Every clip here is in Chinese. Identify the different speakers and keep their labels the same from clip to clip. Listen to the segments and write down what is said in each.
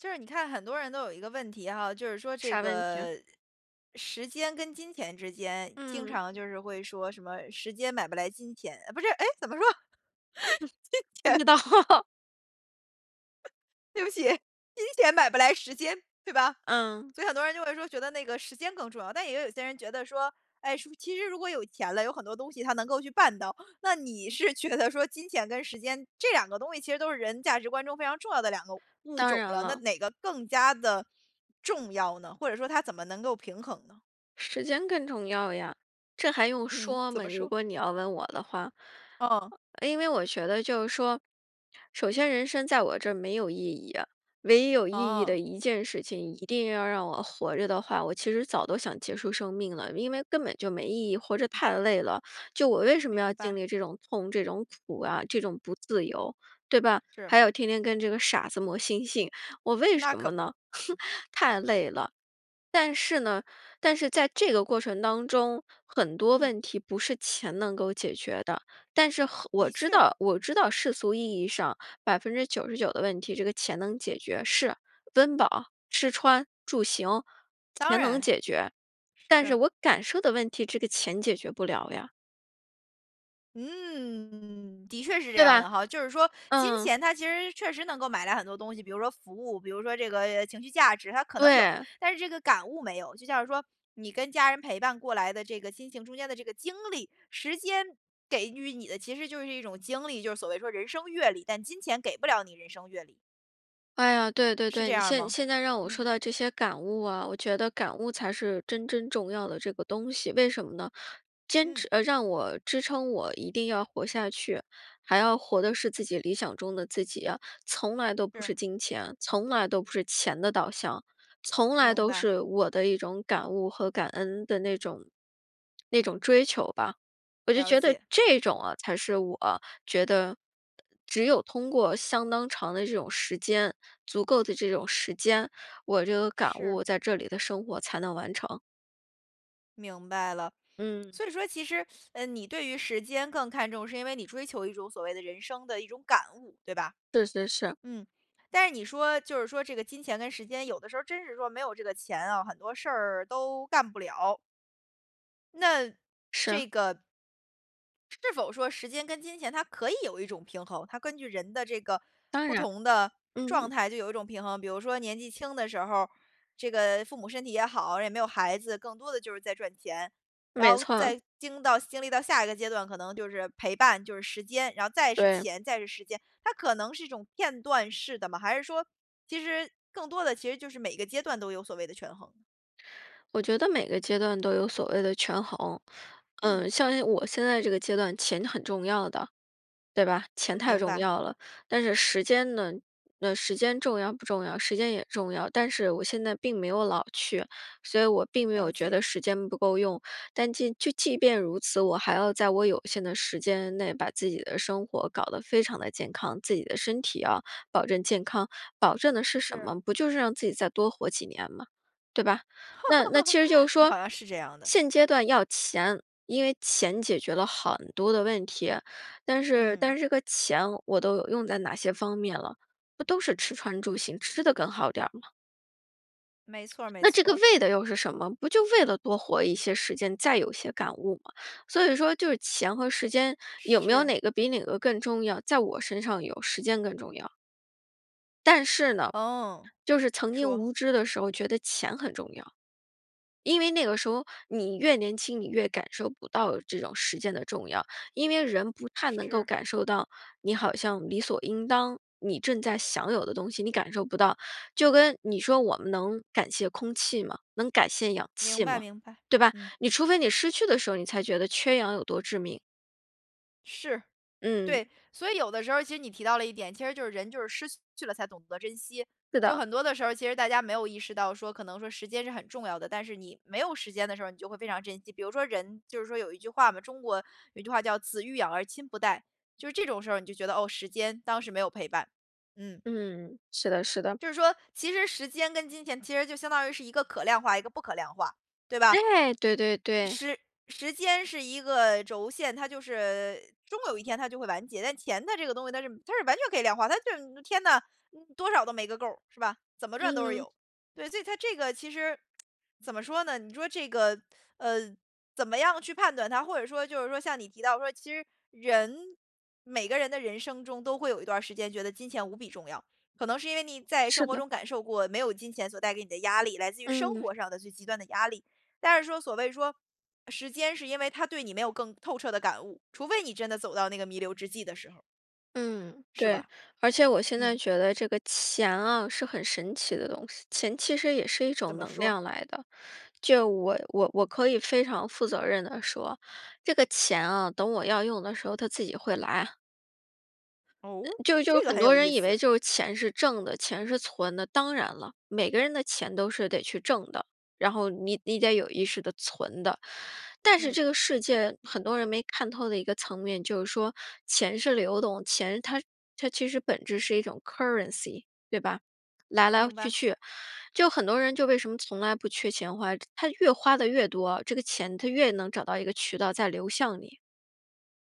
Speaker 1: 就是你看很多人都有一个问题哈，就是说这
Speaker 2: 啥问题？
Speaker 1: 个时间跟金钱之间经
Speaker 2: 嗯。
Speaker 1: 常就是会说什么时间买不来金钱，呃不是，哎，怎么说？
Speaker 2: 不
Speaker 1: 金钱
Speaker 2: 知道。
Speaker 1: 对不起，金钱买不来时间，对吧？
Speaker 2: 嗯。
Speaker 1: 所以很多人就会说，觉得那个时间更重要。但也有些人觉得说，哎，是不是其实如果有钱了，有很多东西它能够去办到，那你是觉得说金钱跟时间，这2个东西其实都是人价值观中非常重要的2个物
Speaker 2: 当
Speaker 1: 种
Speaker 2: 然
Speaker 1: 了，那
Speaker 2: 了。
Speaker 1: 哪个更加地重要呢？或者说它怎么能够平衡呢？
Speaker 2: 时间更重要呀，这还用
Speaker 1: 嗯，
Speaker 2: 说
Speaker 1: 怎
Speaker 2: 嘛，
Speaker 1: 么
Speaker 2: 如
Speaker 1: 说？
Speaker 2: 果你要问我的话。
Speaker 1: 哦。
Speaker 2: 呃，因为我觉得就是说，首先人生在我这儿没有意义啊，唯一有意义
Speaker 1: 哦。
Speaker 2: 的1件事情，一定要让我活着的话，我其实早都想结束生命了，因为根本就没意义。活着太累了，就我为什么要
Speaker 1: 明
Speaker 2: 经
Speaker 1: 白。
Speaker 2: 历这种痛、这种苦啊、这种不自由，对吧？
Speaker 1: 是。
Speaker 2: 还有天天跟这个傻子磨心性，我为
Speaker 1: 那
Speaker 2: 什
Speaker 1: 可
Speaker 2: 么
Speaker 1: 不。
Speaker 2: 呢？太累了。但是呢但是在这个过程当中，很多
Speaker 1: 嗯。
Speaker 2: 问题不是钱能够解决的，但是和我
Speaker 1: 的
Speaker 2: 知
Speaker 1: 确。
Speaker 2: 道我知道世俗意义上99%的问题，这个钱能解决。是，温饱、吃穿、住行，
Speaker 1: 当
Speaker 2: 钱能
Speaker 1: 然，
Speaker 2: 解决，但是
Speaker 1: 是。
Speaker 2: 我感受的问题这个钱解决不了呀。
Speaker 1: 嗯，的确是这
Speaker 2: 对
Speaker 1: 样
Speaker 2: 吧？
Speaker 1: 的哈。就是说金
Speaker 2: 嗯。
Speaker 1: 钱它其实确实能够买来很多东西，比如说服务，比如说这个呃情绪价值，它可能有，
Speaker 2: 对。
Speaker 1: 但是这个感悟没有。就像是说，你跟家人陪伴过来的这个亲情中间的这个经历，时间给予你的，其实就是一种经历，就是所谓说人生阅历，但金钱给不了你人生阅历。
Speaker 2: 哎呀，对对
Speaker 1: 是
Speaker 2: 对，
Speaker 1: 这
Speaker 2: 你
Speaker 1: 样儿
Speaker 2: 现
Speaker 1: 吗？
Speaker 2: 现在让我说
Speaker 1: 嗯。
Speaker 2: 到这些感悟啊，我觉得感悟才是真真重要的这个东西，为什么呢？坚
Speaker 1: 嗯。
Speaker 2: 持呃，让我支撑我一定要活下去，还要活的是自己理想中的自己呀，从来都不
Speaker 1: 是。
Speaker 2: 是金钱，从来都不是钱的导向，从来
Speaker 1: 明
Speaker 2: 都
Speaker 1: 白。
Speaker 2: 是我的一种感悟和感恩的那种那种追求吧。我就
Speaker 1: 了
Speaker 2: 觉得
Speaker 1: 解。
Speaker 2: 这种呃才是我觉得只有通过相当长的这种时间、足够的这种时间，我这个感
Speaker 1: 是。
Speaker 2: 悟在这里的生活才能完成。
Speaker 1: 明白了。
Speaker 2: 嗯。
Speaker 1: 所以说其实，呃，你对于时间更看重，是因为你追求一种所谓的人生的一种感悟，对吧？
Speaker 2: 是是是。
Speaker 1: 嗯，但是你说，就是说这个金钱跟时间，有的时候儿真是说没有这个钱哦，很多事儿都干不了。那
Speaker 2: 是。
Speaker 1: 这个是否说时间跟金钱它可以有一种平衡？它根据人的这个
Speaker 2: 当
Speaker 1: 不
Speaker 2: 然，
Speaker 1: 同的状
Speaker 2: 嗯。
Speaker 1: 态就有一种平衡。比如说年纪轻的时候儿，这个父母身体也好，也没有孩子，更多的就是在赚钱。然
Speaker 2: 没
Speaker 1: 后
Speaker 2: 错。
Speaker 1: 在经到经历到下一个阶段，可能就是陪伴，就是时间，然后再是
Speaker 2: 对。
Speaker 1: 钱，再是时间，它可能是一种片段式的吗？还是说，其实更多的其实就是每个阶段都有所谓的权衡？
Speaker 2: 我觉得每个阶段都有所谓的权衡。
Speaker 1: 嗯。
Speaker 2: 呃，像像我现在这个阶段钱很重要的，对吧？钱
Speaker 1: 嗯，
Speaker 2: 太
Speaker 1: 明
Speaker 2: 重
Speaker 1: 白。
Speaker 2: 要了。但是时间呢，呃，时间重要不重要？时间也重要，但是我现在并没有老去，所以我并没
Speaker 1: 了
Speaker 2: 有觉
Speaker 1: 解。
Speaker 2: 得时间不够用。但即就即便如此，我还要在我有限的时间内把自己的生活搞得非常地健康，自己的身体要保证健康。保证的是什
Speaker 1: 是。
Speaker 2: 么？不就是让自己再多活几年嘛，对吧。那那其实 就是说，
Speaker 1: 好像是这样的。
Speaker 2: 现阶段要钱，因为钱解决了很多的问题，但是
Speaker 1: 嗯。
Speaker 2: 但是这个钱，我都用在哪些方面了，不都是吃穿住行，吃得更好点儿吗？
Speaker 1: 没错儿，没
Speaker 2: 那这
Speaker 1: 错
Speaker 2: 个
Speaker 1: 儿。
Speaker 2: 为的又是什么？不就为了多活一些时间，再有一些感悟吗，所以说就是钱和时间，有没有
Speaker 1: 是。
Speaker 2: 哪个比哪个更重要？在我身上有，时间更重要。但是呢，
Speaker 1: 哦，
Speaker 2: 就是曾经
Speaker 1: 说。
Speaker 2: 无知的时候觉得钱很重要。因为那个时候你越年轻，你越感受不到这种时间的重要，因为人不太能够
Speaker 1: 是。
Speaker 2: 感受到你好像理所应当你正在享有的东西，你感受不到。就跟你说我们能感谢空气吗？能感谢氧
Speaker 1: 明
Speaker 2: 气
Speaker 1: 白
Speaker 2: 吗？
Speaker 1: 明白，
Speaker 2: 对吧，
Speaker 1: 嗯。
Speaker 2: 你除非你失去的时候你才觉得缺氧有多致命。
Speaker 1: 是，
Speaker 2: 嗯。
Speaker 1: 对，所以有的时候儿其实你提到了一点，其实就是人就是失去了才懂得珍惜。
Speaker 2: 是
Speaker 1: 就
Speaker 2: 的。
Speaker 1: 很多的时候儿其实大家没有意识到说，可能说时间是很重要的，但是你没有时间的时候你就会非常珍惜。比如说人就是说有一句话嘛，中国有一句话叫：“子欲养而亲不待。”就是这种时候儿你就觉得，哦，时间当时没有陪伴，嗯。
Speaker 2: 嗯，是的是的。
Speaker 1: 就是说，其实时间跟金钱其实就相当于是一个可量化，一个不可量化，对吧？
Speaker 2: 哎，对对对。
Speaker 1: 时时间是一个轴线，它就是呃，终有一天它就会完结。但钱的这个东西它是它是完全可以量化，它就是天呐，多少都没个够儿，是吧？怎么赚都是
Speaker 2: 嗯。
Speaker 1: 有，对，所以它这个其实，怎么说呢，你说这个，呃，怎么样去判断它？或者说就是说像你提到说，其实人每个人的人生中，都会有一段儿时间觉得金钱无比重要。可能是因为你在生
Speaker 2: 是
Speaker 1: 活
Speaker 2: 的。
Speaker 1: 中感受过，没有金钱所带给你的压力，来自于生
Speaker 2: 嗯。
Speaker 1: 活上的最极端的压力。但是说所谓说，时间是因为它对你没有更透彻的感悟，除非你真的走到那个弥留之际的时候儿。
Speaker 2: 嗯，
Speaker 1: 是
Speaker 2: 对。
Speaker 1: 吧？
Speaker 2: 而且我现在
Speaker 1: 嗯。
Speaker 2: 觉得这个钱啊，是很神奇的东西，钱其实也是一
Speaker 1: 怎
Speaker 2: 种
Speaker 1: 么
Speaker 2: 能
Speaker 1: 说？
Speaker 2: 量来的。就我我我可以非常负责任地说，这个钱啊，等我要用的时候它自己会来啊。
Speaker 1: 哦？
Speaker 2: 就就
Speaker 1: 这个
Speaker 2: 很
Speaker 1: 很
Speaker 2: 多
Speaker 1: 有意
Speaker 2: 人以为
Speaker 1: 思。
Speaker 2: 就是钱是挣的、钱是存的。当然了，每个人的钱都是得去挣的，然后你你得有意识地存的。但是
Speaker 1: 嗯。
Speaker 2: 这个世界很多人没看透的一个层面，就是说钱是流动钱它它其实本质是一种 currency，对吧？来来
Speaker 1: 明
Speaker 2: 去
Speaker 1: 白。
Speaker 2: 去，就很多人就为什么从来不缺钱花，他越花得越多，这个钱它越能找到一个渠道再流向你。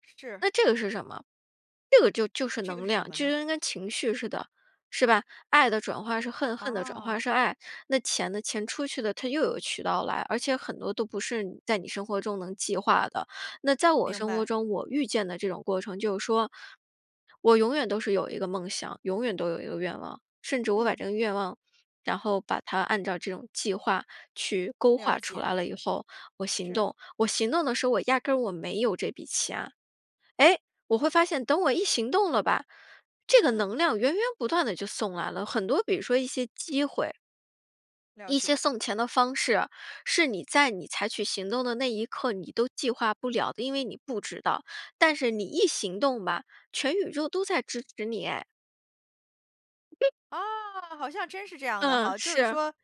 Speaker 1: 是。
Speaker 2: 那这个是什么？这个就就
Speaker 1: 那
Speaker 2: 是
Speaker 1: 这个
Speaker 2: 能
Speaker 1: 是什
Speaker 2: 量，
Speaker 1: 么
Speaker 2: 就
Speaker 1: 呢？
Speaker 2: 跟跟情绪似的，是吧？爱的转化是恨，恨的转化
Speaker 1: 哦。
Speaker 2: 是爱。那钱呢？钱出去的它又有渠道来，而且很多都不是在你生活中能计划的。那在我
Speaker 1: 明
Speaker 2: 生活
Speaker 1: 白。
Speaker 2: 中，我遇见的这种过程就是说，我永远都是有一个梦想，永远都有一个愿望，甚至我把
Speaker 1: 嗯。
Speaker 2: 这个愿望然后把它按照这种计划去勾
Speaker 1: 了
Speaker 2: 画出
Speaker 1: 解。
Speaker 2: 来了以后，我行
Speaker 1: 是。
Speaker 2: 动。我行动的时候，我压根儿我没有这笔钱。诶？我会发现等我一行动了吧，这个
Speaker 1: 嗯。
Speaker 2: 能量源源不断地就送来了，很多比如说一些机会
Speaker 1: 了
Speaker 2: 一些
Speaker 1: 解。
Speaker 2: 送钱的方式，是你在你采取行动的那一刻你都计划不了的，因为你不知道。但是你一行动吧，全宇宙都在支持你诶。
Speaker 1: 啊，好像真是这样的
Speaker 2: 嗯，
Speaker 1: 哈，就是
Speaker 2: 是。
Speaker 1: 说，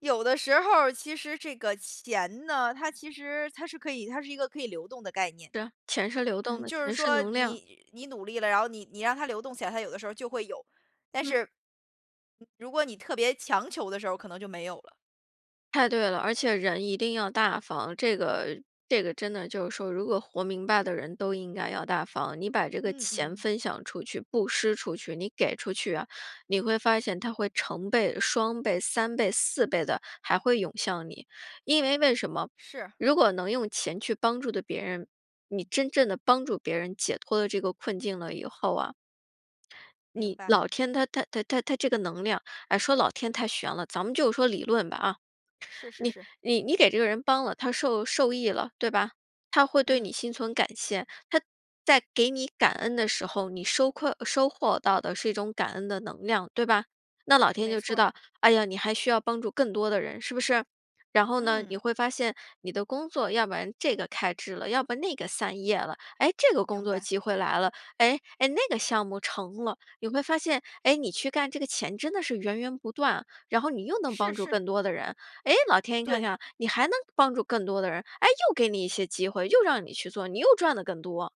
Speaker 1: 有的时候儿，其实这个钱呢，它其实它是可以它是一个可以流动的概念。
Speaker 2: 是，钱是流动
Speaker 1: 嗯，
Speaker 2: 的，
Speaker 1: 就是
Speaker 2: 钱是
Speaker 1: 说，
Speaker 2: 能量。
Speaker 1: 你你努力了，然后你你让它流动起来，它有的时候儿就会有，但
Speaker 2: 嗯。
Speaker 1: 是如果你特别强求的时候，可能就没有了。
Speaker 2: 太对了，而且人一定要大方，这个这个真的就是说如果活明白的人都应该要大方。你把这个
Speaker 1: 嗯
Speaker 2: 钱
Speaker 1: 嗯。
Speaker 2: 分享出去、布施出去、你给出去啊，你会发现它会成倍、双倍、3倍、4倍地还会涌向你。因为为什么，
Speaker 1: 是。
Speaker 2: 如果能用钱去帮助地别人，你真正地帮助别人解脱了这个困境了以后啊
Speaker 1: 明
Speaker 2: 你
Speaker 1: 白。
Speaker 2: 老天它它它它它这个能量，哎，说老天太悬了，咱们就说理论吧啊。
Speaker 1: 是是
Speaker 2: 你
Speaker 1: 是。
Speaker 2: 你给这个人帮了，他受受益了，对吧，他会对
Speaker 1: 嗯。
Speaker 2: 你心存感谢，他在给你感恩的时候，你收馈呃收获到的是一种感恩的能量，对吧？那老天
Speaker 1: 没
Speaker 2: 就知
Speaker 1: 错儿。
Speaker 2: 道，哎呀，你还需要帮助更多的人，是不是？然后呢你
Speaker 1: 嗯。
Speaker 2: 会发现你的工作要不然这个开枝了，要不那个散叶了，哎，这个工
Speaker 1: 明
Speaker 2: 作
Speaker 1: 白。
Speaker 2: 机会来了，哎，哎，那个项目成了。你会发现，哎，你去干这个钱真的是源源不断啊，然后你又能
Speaker 1: 是
Speaker 2: 帮助
Speaker 1: 是。
Speaker 2: 更多的人。诶，老天一看
Speaker 1: 对。
Speaker 2: 看啊，你还能帮助更多的人，哎，又给你一些机会，又让你去做，你又赚得更多。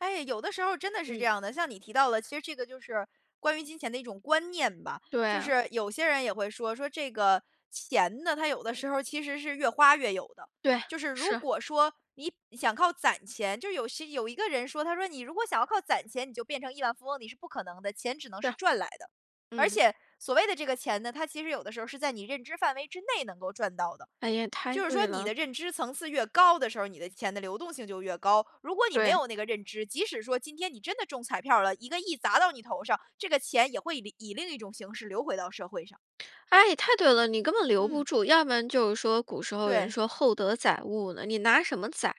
Speaker 1: 哎，有的时候儿真的是这
Speaker 2: 嗯。
Speaker 1: 样的。像你提到了，其实这个就是关于金钱的一种观念吧。
Speaker 2: 对
Speaker 1: 就
Speaker 2: 啊。
Speaker 1: 是有些人也会说，说这个钱呢，它有的时候其实是越花越有的，
Speaker 2: 对，
Speaker 1: 就是如
Speaker 2: 是。
Speaker 1: 果说你想靠攒钱就是有些有一个人说，他说你如果想要靠攒钱，你就变成亿万富翁，你是不可能的，钱只能是
Speaker 2: 是，
Speaker 1: 赚来的。而
Speaker 2: 嗯。
Speaker 1: 且，所谓的这个钱呢，它其实有的时候是在你认知范围之内能够赚到的。
Speaker 2: 哎呀，太
Speaker 1: 就是
Speaker 2: 对
Speaker 1: 说你
Speaker 2: 了。
Speaker 1: 的认知层次越高的时候儿，你的钱的流动性就越高。如果你没
Speaker 2: 对。
Speaker 1: 有那个认知，即使说今天你真的中彩票儿了，1个亿砸到你头上，这个钱也会里以另一种形式流回到社会上。
Speaker 2: 哎，太对了，你根本留不
Speaker 1: 嗯。
Speaker 2: 住，要不然就是说古时候人
Speaker 1: 对。
Speaker 2: 说厚德载物呢，你拿什么载？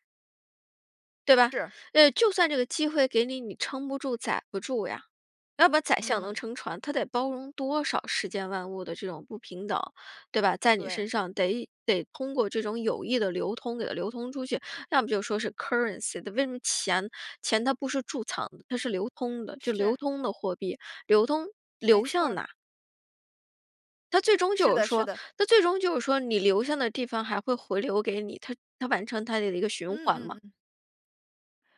Speaker 2: 对吧，
Speaker 1: 是。
Speaker 2: 呃，就算这个机会给你，你撑不住载不住呀。要不然宰相能
Speaker 1: 嗯。
Speaker 2: 撑船，他得包容多少世间万物的这种不平等，对吧？在你
Speaker 1: 对。
Speaker 2: 身上得得通过这种有益的流通给它流通出去，要么就说是 currency，它为什么钱钱它不是贮藏的，它是流通的，就
Speaker 1: 是。
Speaker 2: 流通的货币。流通，
Speaker 1: 没
Speaker 2: 流
Speaker 1: 错
Speaker 2: 向
Speaker 1: 儿。
Speaker 2: 哪？它最终
Speaker 1: 是
Speaker 2: 就
Speaker 1: 的
Speaker 2: 是
Speaker 1: 是
Speaker 2: 说
Speaker 1: 的。
Speaker 2: 它最终就是说，你留向的地方还会回流给你，它它完成它的一个循
Speaker 1: 嗯
Speaker 2: 环嘛。
Speaker 1: 嗯嗯。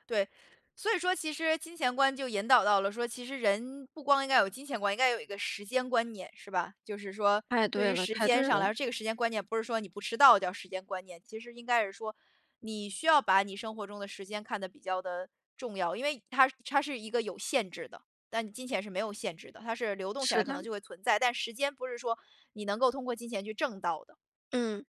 Speaker 1: 对，所以说其实金钱观就引导到了，说其实人不光应该要有金钱观，应该要有一个时间观念，是吧？就是说，
Speaker 2: 太
Speaker 1: 对
Speaker 2: 对
Speaker 1: 于
Speaker 2: 了
Speaker 1: 时
Speaker 2: 太
Speaker 1: 间
Speaker 2: 对
Speaker 1: 上来
Speaker 2: 了。
Speaker 1: 说，这个时间观念不是说你不迟到叫时间观念，其实应该是说，你需要把你生活中的时间看得比较地重要，因为它它是一个有限制的。但你金钱是没有限制的，它是流动起来
Speaker 2: 是
Speaker 1: 可
Speaker 2: 的。
Speaker 1: 能就会存在，但时间不是说你能够通过金钱去挣到的。
Speaker 2: 嗯。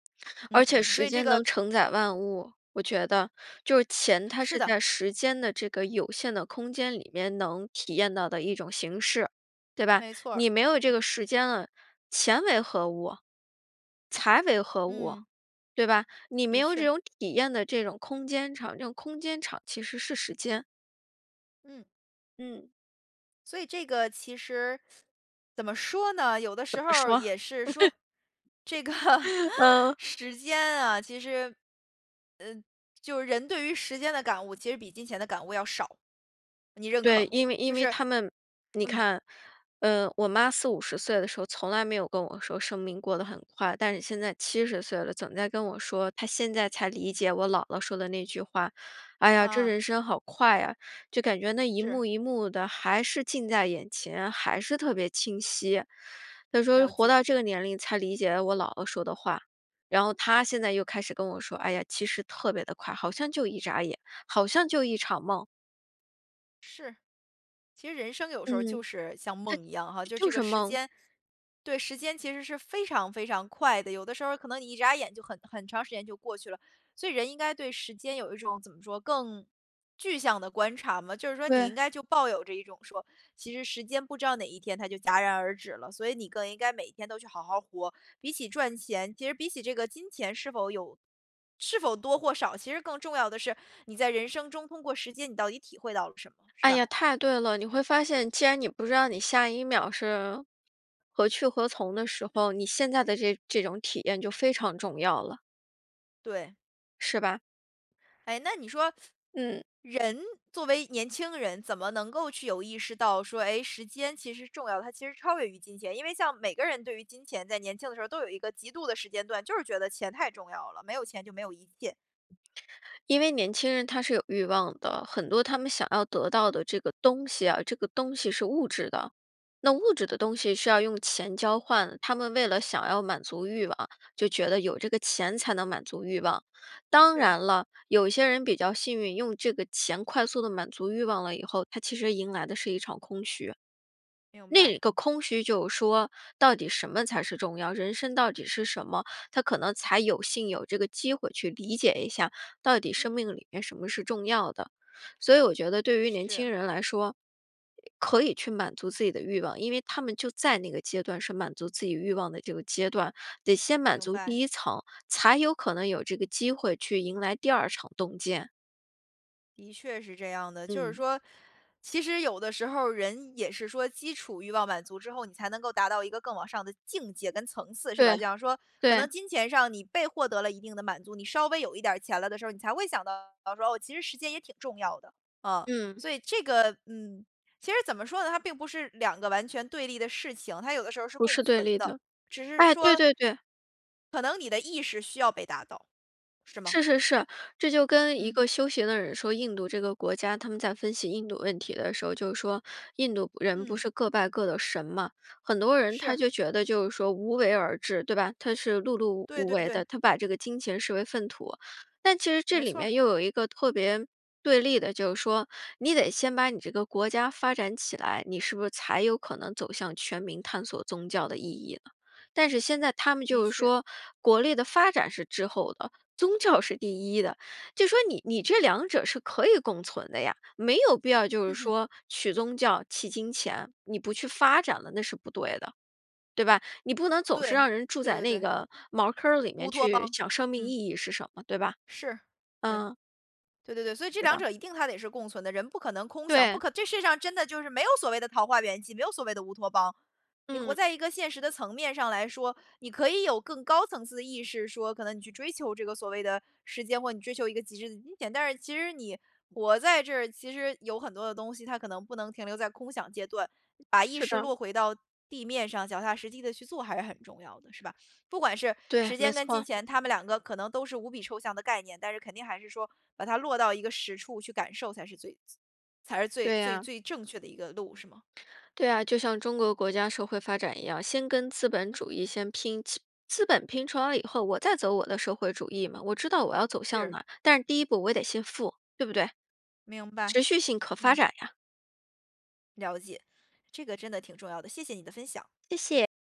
Speaker 1: 嗯，
Speaker 2: 而且
Speaker 1: 所
Speaker 2: 时
Speaker 1: 以这
Speaker 2: 间
Speaker 1: 个
Speaker 2: 能承载万物，我觉得。就是钱它
Speaker 1: 是
Speaker 2: 是
Speaker 1: 的。
Speaker 2: 在时间的这个有限的空间里面能体验到的一种形式，对吧？
Speaker 1: 没错儿，
Speaker 2: 你没有这个
Speaker 1: 嗯。
Speaker 2: 时间了，钱为何物？财为何物？
Speaker 1: 嗯。
Speaker 2: 对吧？你没
Speaker 1: 的
Speaker 2: 有这
Speaker 1: 确。
Speaker 2: 种体验的这种空间场，这种空间场其实是时间。
Speaker 1: 嗯。
Speaker 2: 嗯。
Speaker 1: 所以这个其实怎么说呢？有的
Speaker 2: 怎
Speaker 1: 时
Speaker 2: 么
Speaker 1: 候儿
Speaker 2: 说？
Speaker 1: 也是说，这个
Speaker 2: 嗯。
Speaker 1: 时间啊，其实，呃就是人对于时间的感悟，其实比金钱的感悟要少，你认可
Speaker 2: 对，
Speaker 1: 吗？
Speaker 2: 因为因
Speaker 1: 就
Speaker 2: 为
Speaker 1: 是
Speaker 2: 她们你
Speaker 1: 嗯。
Speaker 2: 看，呃，我妈40，50岁的时候，从来没有跟我说生命过得很快，但是现在70岁了，总在跟我说，她现在才理解我姥姥说的那句话。哎呀，这
Speaker 1: 啊。
Speaker 2: 人生好快呀，就感觉那一
Speaker 1: 是。
Speaker 2: 幕一幕的，还是近在眼前，还是特别清晰。她说，
Speaker 1: 了
Speaker 2: 活
Speaker 1: 解。
Speaker 2: 到这个年龄才理解了我姥姥说的话。然后她现在又开始跟我说，哎呀，其实特别地快，好像就一眨眼，好像就一场梦。
Speaker 1: 是，其实人生有时候儿
Speaker 2: 嗯，
Speaker 1: 就是像梦一样哈，
Speaker 2: 对，
Speaker 1: 就
Speaker 2: 就就
Speaker 1: 这个
Speaker 2: 是
Speaker 1: 时
Speaker 2: 梦。
Speaker 1: 间对，时间其实是非常非常快的，有的时候儿可能你一眨眼就很很长时间就过去了。所以人应该对时间有一种怎么说，更具象的观察嘛，就是说你
Speaker 2: 对。
Speaker 1: 应该就抱有着一种说，其实时间不知道哪一天它就戛然而止了。所以你更应该每一天都去好好活，比起赚钱其实比起这个金钱是否有是否多或少，其实更重要的是，你在人生中通过时间你到底体会到了什么，是
Speaker 2: 哎
Speaker 1: 吧？
Speaker 2: 呀，太对了，你会发现，既然你不知道你下一秒是何去何从的时
Speaker 1: 嗯。
Speaker 2: 候，你现在的这这种体验就非常重要了。
Speaker 1: 对。
Speaker 2: 是吧？
Speaker 1: 哎，那你说，
Speaker 2: 嗯。
Speaker 1: 人作为年轻人，怎么能够去有意识到说，哎，时间其实是重要的，它其实超越于金钱？因为像每个人对于金钱在年轻的时候都有一个极度的时间段，就是觉得钱太重要了，没有钱就没有一切。
Speaker 2: 因为年轻人他是有欲望的，很多他们想要得到的这个东西啊，这个东西是物质的，那物质的
Speaker 1: 嗯。
Speaker 2: 东西是要用钱交换，他们为了想要满足欲望，就觉得有这个钱才能满足欲望。当
Speaker 1: 是。
Speaker 2: 然了，有一些人比较幸运，用这个钱快速地满足欲望了以后，他其实迎来的是一场空虚。
Speaker 1: 明
Speaker 2: 那
Speaker 1: 白。
Speaker 2: 个空虚就说，到底什么才是重要，人生到底是什么，他可能才有幸有这个机会去理解一下，到底生
Speaker 1: 嗯。
Speaker 2: 命里面什么是重要的。所以我觉得对于年轻
Speaker 1: 是。
Speaker 2: 人来说，可以去满足自己的欲望，因为他们就在那个阶段是满足自己欲望的这个阶段，得先满
Speaker 1: 明
Speaker 2: 足第
Speaker 1: 白。
Speaker 2: 1层，才有可能有这个机会去迎来第2场洞见。
Speaker 1: 的确是这样的。就是
Speaker 2: 嗯。
Speaker 1: 说，其实有的时候儿人也是说基础欲望满足之后，你才能够达到一个更往上的境界跟层次，是吧。就
Speaker 2: 对，
Speaker 1: 比方说，可能
Speaker 2: 对。
Speaker 1: 金钱上你被获得了一定的满足，你稍微有一点儿钱了的时候儿，你才会想到说，哦，其实时间也挺重要的，呃，
Speaker 2: 嗯。
Speaker 1: 所以这个嗯。其实怎么说呢，它并不是2个完全对立的事情，它有的时候儿是
Speaker 2: 不
Speaker 1: 共
Speaker 2: 是对
Speaker 1: 存
Speaker 2: 立
Speaker 1: 的，
Speaker 2: 的，
Speaker 1: 只是
Speaker 2: 哎，对
Speaker 1: 说
Speaker 2: 对对。
Speaker 1: 可能你的意识需要被达到，是吗？
Speaker 2: 是是是，这就跟一
Speaker 1: 嗯。
Speaker 2: 个修行的人说，印度这个国家，他们在分析印度问题的时候，就是说，印度人不
Speaker 1: 嗯。
Speaker 2: 是各拜各的神嘛，很多人他
Speaker 1: 是。
Speaker 2: 就觉得就是说无为而治，对吧，他是碌碌
Speaker 1: 对
Speaker 2: 无
Speaker 1: 对
Speaker 2: 为
Speaker 1: 对。
Speaker 2: 的，他把这个金钱视为粪土。但其实这
Speaker 1: 没
Speaker 2: 里
Speaker 1: 错儿。
Speaker 2: 面又有一个特别对立的就是说-你得先把你这个国家发展起来，你是不是才有可能走向全民探索宗教的意义呢？但是现在他们
Speaker 1: 的
Speaker 2: 就是
Speaker 1: 确。
Speaker 2: 说，国力的发展是滞后的，宗教是第一的，就说你你这2者是可以共存的呀，没有必要就是
Speaker 1: 哼哼。
Speaker 2: 说取宗教弃金钱，你不去发展了那是不对的。对吧？你不能总是
Speaker 1: 对，
Speaker 2: 让人住
Speaker 1: 对
Speaker 2: 在
Speaker 1: 对
Speaker 2: 那
Speaker 1: 对。
Speaker 2: 个茅坑儿里
Speaker 1: 乌
Speaker 2: 面
Speaker 1: 托
Speaker 2: 去
Speaker 1: 邦，
Speaker 2: 想生命
Speaker 1: 嗯。
Speaker 2: 意义是什么，对吧？
Speaker 1: 是，对。
Speaker 2: 嗯。
Speaker 1: 对对对，所以这
Speaker 2: 是
Speaker 1: 2
Speaker 2: 的。
Speaker 1: 者一定它得是共存的，人不可能空想，不
Speaker 2: 对。
Speaker 1: 可这世界上真的就是没有所谓的桃花源记，没有所谓的乌托邦。你活
Speaker 2: 嗯。
Speaker 1: 在一个现实的层面上来说，你可以有更高层次的意识说，可能你去追求这个所谓的时间，或你追求一个极致的金钱，但是其实你活在这儿，其实有很多的东西它可能不能停留在空想阶段，把意
Speaker 2: 是
Speaker 1: 识
Speaker 2: 的。
Speaker 1: 落回到地面上，脚踏实地地去做还是很重要的，是吧？不管是
Speaker 2: 对，
Speaker 1: 时
Speaker 2: 没
Speaker 1: 间跟金
Speaker 2: 错。
Speaker 1: 钱它们2个可能都是无比抽象的概念，但是肯定还是说把它落到一个实处去感受才是最才是最
Speaker 2: 对
Speaker 1: 最
Speaker 2: 呀。
Speaker 1: 最正确的一个路是吗？
Speaker 2: 对啊，就像中国国家社会发展一样，先跟资本主
Speaker 1: 嗯。
Speaker 2: 义先拼，资资本拼出了以后我再走我的社会主义嘛，我知道我要走向
Speaker 1: 是。
Speaker 2: 哪，但是第1步我也得先富，对不对？
Speaker 1: 明白，
Speaker 2: 持续性可发
Speaker 1: 嗯。
Speaker 2: 展呀。
Speaker 1: 了解，这个真的挺重要的，谢谢你的分享。
Speaker 2: 谢谢。